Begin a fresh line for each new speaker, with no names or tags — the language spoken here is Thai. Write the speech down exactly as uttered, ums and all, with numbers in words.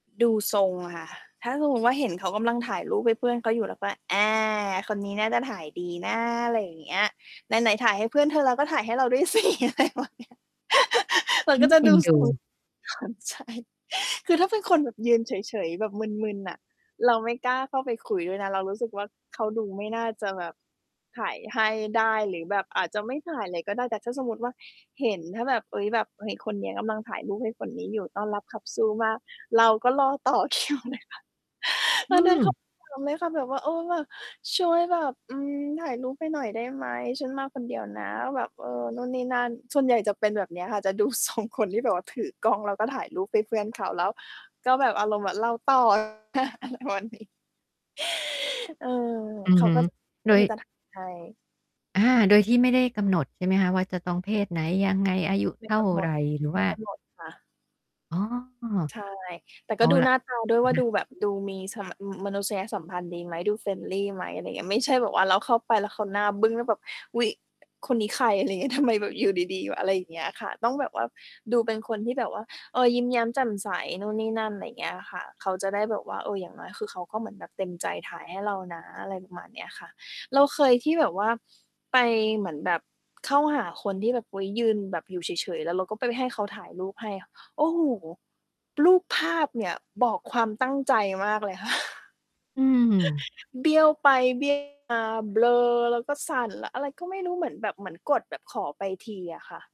ดูทรงอะค่ะ ถ้าฮุงฮุง ว่า เห็นเขากำลังถ่ายรูปให้เพื่อนเขาอยู่ แล้วก็ แอ้ คนนี้น่าจะถ่ายดีนะ อะไรอย่างเงี้ย ไหน ๆ ถ่ายให้เพื่อนเธอแล้ว ก็ถ่ายให้เราด้วย สิ อะไรประมาณเนี้ย เหมือ
อ
น
ื
กับ
อ
จะ
เอ
ด
็
ู
นด
ส
ู
ู่ ความใช่ คือถ้าเป็นคนแบบยืนเฉย ๆ แบบมึน ๆ น่ะ เราไม่กล้าเข้าไปคุยด้วยนะ เรารู้สึกว่า เขาดูไม่น่าจะแบบถ่ายให้ได้ หรือแบบอาจจะไม่ถ่ายเลยก็ได้ แต่ถ้าสมมุติว่าเห็น ถ้าแบบ เฮ้ย แบบ เฮ้ย คนเนี้ยกำลังถ่ายรูปให้คนนี้อยู่ ต้อนรับขับสู้มาก เราก็รอต่อ คิวเลยค่ะ
อ
ต
ื
อนนั้น เข
ม
าเอือม ไหมคะ? แบบว่า "เออ แบบช่วยแบบ อืม ถ่ายรูปให้หน่อยได้ไหม? ฉันมาคนเดียวนะ" แบบ เออ นู่นนี่นั่น ส่วนใหญ่จะเป็นแบบเนี้ยค่ะ จะดู ทรง คนที่แบบว่าถือกล้อง แล้วก็ถ่ายรูปให้เพื่อนเขา แล้วก็แบบอารมณ์เหมือนเรา ต่อ ประมาณนี้ เออ
อื
เ
อ
ขา
ฮึ
ก็ แบบ
โ
เ
ด
ออ
ย
จะถ่ายให้
อา โดยที่ไม่ได้กำหนด ใช่ไหมคะ ว่า จะต้องเพศไหน ยังไง อายุ
ไม
เ
่
ท่
ก
า
ำหน
ไร?
ด
หรือ
ไ
ว
ม่
่า
กำหนดค่ะ
อ๋อ
ใช่ แต่
เ
ก
อ
็
า
ดู
ล่
ห
ะ
น้า ตา ด้วย
อ
ว
ะ
่า
ฮ
ด
ะ
ูแบบดูมีสัมมะ อือ มนุษยสัมพันธ์ดีไหม? ดู friendly ไหม? อะไรเงี้ย ไม่ใช่แบบว่าเราเข้าไปแล้วเขาหน้าบึ้ง แล้วแบบ "อุ๊ย คนนี้ใคร?" อะไรเงี้ย ทำไม แบบอยู่ดี ๆ แบบ อะไรอย่างเงี้ยค่ะ ต้องแบบว่าดูเป็นคนที่แบบว่า เอ่อ ยิ้มแย้มแจ่มใส นู่นนี่นั่น อะไรอย่างเงี้ยอะค่ะ เขาจะได้แบบว่า เออ อย่างน้อยคือเขาก็เหมือนแบบเต็มใจถ่ายให้เรานะ อะไรประมาณเนี้ยค่ะ เราเคยที่แบบว่าไปเหมือนแบบเข้าหาคนที่แบบ อุ๊ย ยืนแบบอยู่เฉย ๆ แล้วเราก็ไปให้เขาถ่ายรูปให้ โอ้โฮ รูปภาพเนี่ยบอกความตั้งใจมากเลย
อืม
เบี้ยวไป เบี้ยว มา เบลอแล้วก็สั่น แล้วอะไรก็ไม่รู้ เหมือนแบบเหมือนกดแบบขอไปทีอะค่ะ